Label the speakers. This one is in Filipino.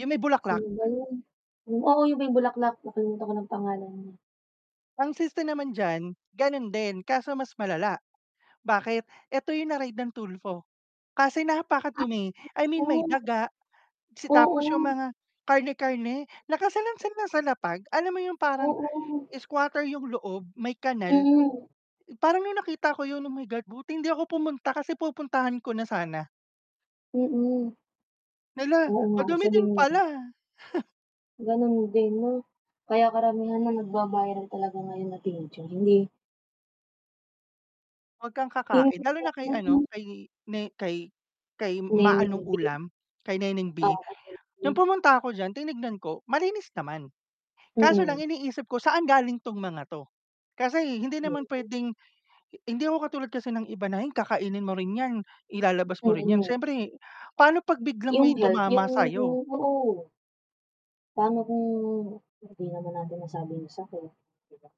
Speaker 1: Yung may bulaklak.
Speaker 2: Sino ba yun? Oo, yung may bulaklak, nakalimutan ko nang pangalan niya.
Speaker 1: Ang siste naman diyan, gano'n din, kaso mas malala, bakit? 'Eto 'yong na-raid ng Tulfo kasi
Speaker 2: Ay,
Speaker 1: napakadumi. I mean,
Speaker 2: oo.
Speaker 1: may daga, si tapos 'yong
Speaker 2: Oo.
Speaker 1: mga karne-karne, nakasalansan lang sa lapag. Alam mo 'yong parang
Speaker 2: Oo.
Speaker 1: squatter 'yong loob, may kanal.
Speaker 2: Mm.
Speaker 1: Parang nung nakita ko 'yon, oh, my God! Buti hindi ako pumunta kasi pupuntahan ko na sana.
Speaker 2: Mm.
Speaker 1: Hala,
Speaker 2: Oo nga,
Speaker 1: madumi
Speaker 2: isa
Speaker 1: din
Speaker 2: din yun.
Speaker 1: pala.
Speaker 2: Ganun din 'no? Kaya karamihan na nagba-viral talaga ngayon na [unintelligible] hindi
Speaker 1: Huwag kang kakain. Lalo na kay ano,
Speaker 2: [unintelligible]
Speaker 1: kay ne kay kay, 'Ma
Speaker 2: Neneng
Speaker 1: anong
Speaker 2: B.
Speaker 1: ulam,' kay Neneng B.
Speaker 2: Oo.
Speaker 1: Nung
Speaker 2: [unintelligible]
Speaker 1: pumunta ako diyan, tinignan ko malinis naman. Kaso lang
Speaker 2: Mm.
Speaker 1: iniisip ko saan galing 'tong mga 'to. Kasi hindi naman puwedeng hindi ako katulad kasi ng iba na ay kakainin mo rin 'yan, ilalabas mo rin 'yan.
Speaker 2: Mm.
Speaker 1: Siyempre, paano 'pag biglang
Speaker 2: Yung
Speaker 1: may
Speaker 2: health
Speaker 1: tumama
Speaker 2: yung
Speaker 1: sa'yo.
Speaker 2: oo. Paano kung hindi naman natin masabi yung sakit, di ba?